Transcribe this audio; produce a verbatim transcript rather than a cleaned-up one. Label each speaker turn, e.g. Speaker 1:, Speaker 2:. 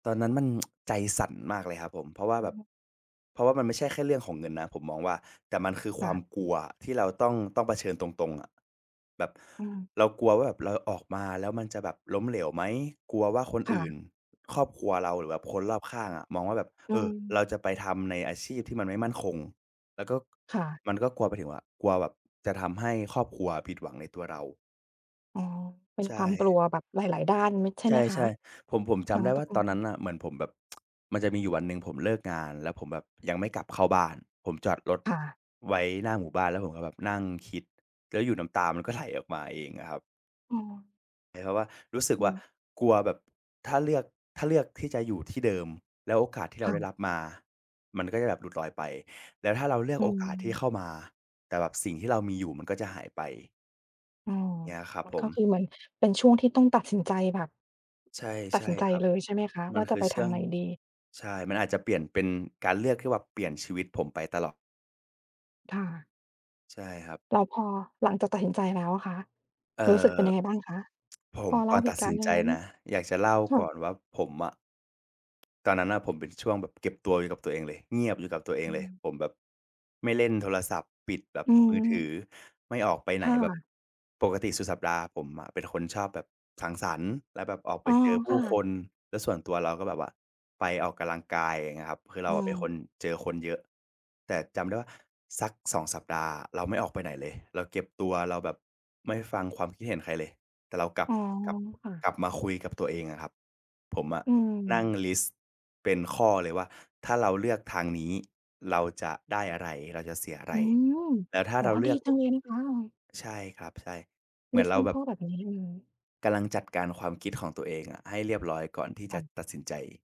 Speaker 1: ตอนนั้นมัน ใจสั่นมากเลยครับผม เพราะว่า
Speaker 2: โอ
Speaker 1: แบบ
Speaker 2: ้
Speaker 1: เพราะว่ามันไม่ใช่แค่เรื่องของเงินนะ ผมมองว่า แต่มันคือ
Speaker 2: ค
Speaker 1: คว
Speaker 2: ่
Speaker 1: าม
Speaker 2: ะ
Speaker 1: กลัวอะที่เราต้อง ต้องเผชิญตรง ๆ อะ แบบ
Speaker 2: อืม
Speaker 1: เรากลัวว่าแบบเราออกมาแล้วมันจะแบบล้มเหลวไหม? กลัวว่าคน
Speaker 2: ค่
Speaker 1: อื่
Speaker 2: ะ
Speaker 1: น ครอบครัวเรา หรือแบบคนรอบข้างอะมองว่า แบบ
Speaker 2: อื
Speaker 1: เออ เร
Speaker 2: ม
Speaker 1: าจะไปทำในอาชีพที่มันไม่มั่นคง แล้วก็
Speaker 2: ค่ะ
Speaker 1: มันก็กลัวไปถึงว่า กลัวแบบจะทำให้ครอบครัวอะผิดหวังในตัวเรา
Speaker 2: อ๋อ เป็
Speaker 1: ใ
Speaker 2: น
Speaker 1: ช
Speaker 2: ความกล
Speaker 1: ่
Speaker 2: ัวแบบหลาย ๆ ด้าน มิด ใช่
Speaker 1: ใ
Speaker 2: ไหมค
Speaker 1: ช
Speaker 2: ะ?
Speaker 1: ่ ๆ ผม ผม
Speaker 2: ท
Speaker 1: จ
Speaker 2: ั
Speaker 1: ำ
Speaker 2: ้ง
Speaker 1: ได้
Speaker 2: ต
Speaker 1: ว่า
Speaker 2: กล
Speaker 1: ตอนนั
Speaker 2: ง
Speaker 1: ้นน่ะเหมือนผมแบบ มันจะมีอยู่วันหนึ่ง ผมเลิกงานแล้วผมแบบยังไม่กลับเข้าบ้าน ผมจอดรถ
Speaker 2: ค่ะ
Speaker 1: ไว้หน้าหมู่บ้าน แล้วผมก็แบบ นั่งคิด แล้วอยู่น้ำตามันก็ไหลออกมาเองอะครับ
Speaker 2: เออ
Speaker 1: เหมือนกับว่า รู้สึก
Speaker 2: อื
Speaker 1: ว่า
Speaker 2: ม
Speaker 1: กลัวแบบถ้าเลือก ถ้าเลือกที่จะอยู่ที่เดิม แล้วโอกาสที่เร
Speaker 2: ค
Speaker 1: า
Speaker 2: ่
Speaker 1: ได้
Speaker 2: ะ
Speaker 1: รับมามันก็จะแบบหลุดลอยไป แล้วถ้าเราเลือ
Speaker 2: อ
Speaker 1: ก
Speaker 2: ื
Speaker 1: โอกาสที่
Speaker 2: ม
Speaker 1: เข้ามาแต่แบบสิ่งที่เรามีอยู่มันก็จะหายไป
Speaker 2: อ๋อ
Speaker 1: เงี้ยครับ
Speaker 2: มัน
Speaker 1: ผ
Speaker 2: ก็
Speaker 1: ม
Speaker 2: คือ เหมือนเป็นช่วงที่ต้องตัดสินใจแบบ
Speaker 1: ใช่
Speaker 2: ต
Speaker 1: ใ
Speaker 2: ั
Speaker 1: ช
Speaker 2: ด
Speaker 1: ่
Speaker 2: สินใจ
Speaker 1: ครับ
Speaker 2: เลยใช่ไหมคะ
Speaker 1: มั
Speaker 2: ว่
Speaker 1: น
Speaker 2: า จ
Speaker 1: ค
Speaker 2: ะ
Speaker 1: ือ
Speaker 2: ไป
Speaker 1: เช
Speaker 2: ท
Speaker 1: ื่
Speaker 2: าง
Speaker 1: อง
Speaker 2: ไหนดี?
Speaker 1: ใช่ มันอาจจะเปลี่ยนเป็นการเลือกที่แบบเปลี่ยนชีวิตผมไปตลอด
Speaker 2: ค่ะ
Speaker 1: ใช่ครับ
Speaker 2: แล้วพอหลังจากตัดสินใจแล้วอะคะ
Speaker 1: เอ
Speaker 2: รู้สึกเ
Speaker 1: อ
Speaker 2: ป็นยังไงบ้างคะ?
Speaker 1: ผ
Speaker 2: พ
Speaker 1: ม
Speaker 2: อเล
Speaker 1: ก
Speaker 2: ่
Speaker 1: ่
Speaker 2: า
Speaker 1: อน
Speaker 2: เห
Speaker 1: ต
Speaker 2: ต
Speaker 1: ัด
Speaker 2: ุกา
Speaker 1: ส
Speaker 2: รณ
Speaker 1: ิ
Speaker 2: ์
Speaker 1: น
Speaker 2: ได้
Speaker 1: ใจ
Speaker 2: ไหม?
Speaker 1: นะ อยากจะเล่า
Speaker 2: ค่
Speaker 1: ก่อ
Speaker 2: ะ
Speaker 1: นว่า ผมอะ ตอนนั้นน่ะผมเป็นช่วงแบบเก็บตัวอยู่กับตัวเองเลย เงียบอยู่กับตัวเอ
Speaker 2: อ
Speaker 1: ง
Speaker 2: ื
Speaker 1: เลย
Speaker 2: อ
Speaker 1: ผมแบบไม่เล่นโทรศัพท์ ปิดแบบ
Speaker 2: อือ
Speaker 1: มื
Speaker 2: ฮ
Speaker 1: อถือ
Speaker 2: ึ
Speaker 1: ไม่ออกไปไห
Speaker 2: ค
Speaker 1: น
Speaker 2: ่
Speaker 1: แบบ
Speaker 2: ะ
Speaker 1: ปกติสุดสัปดาห์ผมอะเป็นคนชอบแบบสังสรรค์ แล้วแบบออกไ
Speaker 2: อ
Speaker 1: ป
Speaker 2: ๋อ
Speaker 1: เจอผ
Speaker 2: ค
Speaker 1: ู
Speaker 2: ่
Speaker 1: ้
Speaker 2: ะ
Speaker 1: คน แล้วส่วนตัวเราก็แบบว่าไปออกกำลังกาย อย่างเงี้ยครับ คือเร
Speaker 2: อื
Speaker 1: าอะเป็นคน
Speaker 2: ม
Speaker 1: เจอคนเยอะ แต่จำได้ว่า สัก สอง สัปดาห์อะเราไม่ออกไปไหนเลย เราเก็บตัว เราแบบไม่ฟังความคิดเห็นใครเลย แต่เรากลั
Speaker 2: อ
Speaker 1: บ
Speaker 2: ๋อ
Speaker 1: กลับ
Speaker 2: ค่ะ
Speaker 1: กลับมาคุยกับตัวเองอะครับ ผมอะ
Speaker 2: อื
Speaker 1: นั่ง
Speaker 2: ม
Speaker 1: ลิสต์เป็นข้อเลยว่า ถ้าเราเลือกทางนี้ เราจะได้อะไร? เราจะเสียอะไ
Speaker 2: อื
Speaker 1: ร?
Speaker 2: ม
Speaker 1: แต่ถ้า
Speaker 2: อ๋อ
Speaker 1: เราเล
Speaker 2: ด
Speaker 1: ื
Speaker 2: ี
Speaker 1: อก
Speaker 2: จังเลยนะคะ อา
Speaker 1: ใช่ครับ ใช่ เหม
Speaker 2: ล
Speaker 1: ื
Speaker 2: ิ
Speaker 1: อน
Speaker 2: สต
Speaker 1: เ
Speaker 2: ์
Speaker 1: ร
Speaker 2: เป
Speaker 1: า
Speaker 2: ็น
Speaker 1: แบ
Speaker 2: ข้
Speaker 1: บ
Speaker 2: อแบบนี้เลย
Speaker 1: กำลังจัดการความคิดของตัวเองอะให้เรียบร้อยก่อนที่
Speaker 2: ค
Speaker 1: จ
Speaker 2: ่
Speaker 1: ะ
Speaker 2: ะ
Speaker 1: ตัดสินใจ